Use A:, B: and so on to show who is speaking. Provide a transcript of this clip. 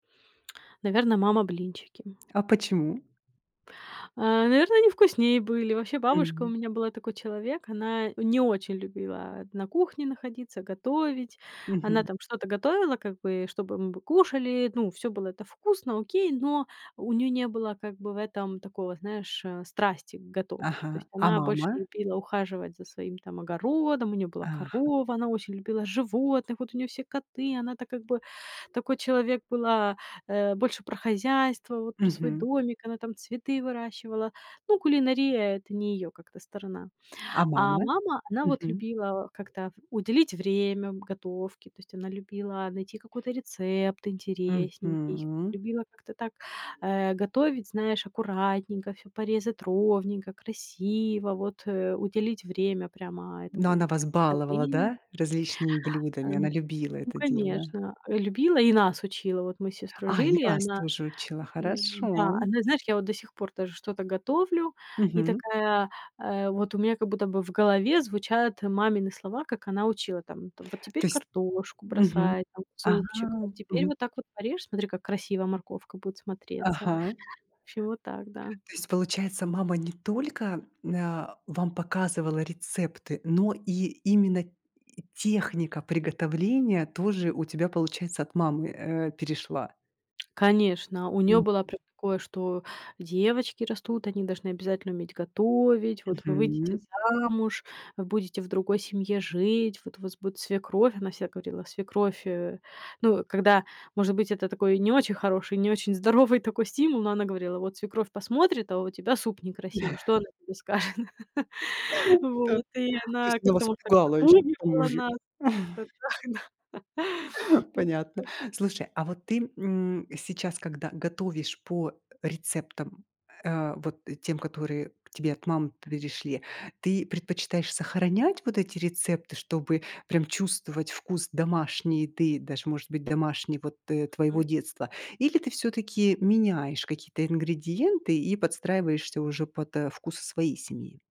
A: Наверно, мама блинчики.
B: А почему?
A: Э, наверное, они вкуснее были. Вообще, бабушка у
B: М.
A: меня была такой человек. Она не очень любила на кухне находиться, готовить. Она
B: Мгм.
A: там что-то готовила как бы, чтобы мы кушали, ну, всё было это вкусно, окей, но у неё не было как бы в этом такого, знаешь, э, страсти к готовке.
B: Ага.
A: То есть
B: A
A: она больше
B: мама?
A: любила ухаживать за своим там огородом, у неё была
B: Ага.
A: корова, она очень любила животных, вот у неё все коты, она-то как бы такой человек была, э, больше про хозяйство, вот про свой
B: Мгм.
A: домик, она там цветы выращивала. Ну, кулинария- это не её как-то сторона,
B: А
A: а
B: мама?
A: мама, она вот
B: Мгм.
A: любила как-то уделить время готовке, то есть она любила найти какой-то рецепт интересненький,
B: Мгм.
A: любила как-то так, э, готовить, знаешь, аккуратненько, всё порезать ровненько, красиво, вот, э, уделить время прямо
B: Но
A: этому
B: она вас баловала,
A: приготовлению.
B: да, различными блюдами, она
A: Эм,
B: любила
A: ну,
B: это дело?
A: конечно, э, любила и нас учила. Вот мы с сестрой
B: А, и
A: жили, и
B: вас
A: она,
B: тоже учила, хорошо.
A: н-да, она, знаешь, я вот до сих пор даже что-то готовлю, и
B: Мгм.
A: такая, э, вот у меня как будто бы в голове звучат мамины слова, как она учила там: там вот теперь
B: То есть
A: картошку
B: Мгм,
A: бросай там в
B: а,
A: супчик, вот теперь
B: мгм.
A: вот так вот порежь, смотри, как красиво морковка будет смотреться.
B: Ага.
A: Всё так, да.
B: То есть, получается, мама не только, мн а, вам показывала рецепты, но и именно и техника приготовления тоже у тебя получается от мамы, э, перешла?
A: Конечно, у неё была
B: Мгм.
A: прям такое, что девочки растут, они должны обязательно уметь готовить. Вот вы выйдете
B: Мгм.
A: замуж, вы будете в другой семье жить. Вот у вас будет свекровь. Она всегда говорила свекровь, э, ну, когда может быть, это такой не очень хороший, не очень здоровый такой стимул, но она говорила, вот свекровь посмотрит, а у тебя суп некрасивый. Что она тебе скажет?
B: Так,
A: Вот, и
B: то
A: она
B: есть она
A: как-то
B: вас
A: может так
B: пугала ещё, к тому
A: запугивала
B: же.
A: нас, вот как-то так, да. М,
B: Понятно.
A: да.
B: Слушай, а вот ты, м, сейчас, когда готовишь по рецептам, э, вот тем, которые к тебе от мамы перешли, ты предпочитаешь сохранять вот эти рецепты, чтобы прям чувствовать вкус домашний еды, даже может быть домашней вот, э, твоего
A: М.
B: детства, или ты всё-таки меняешь какие-то ингредиенты и подстраиваешься уже под, э, вкусы своей семьи?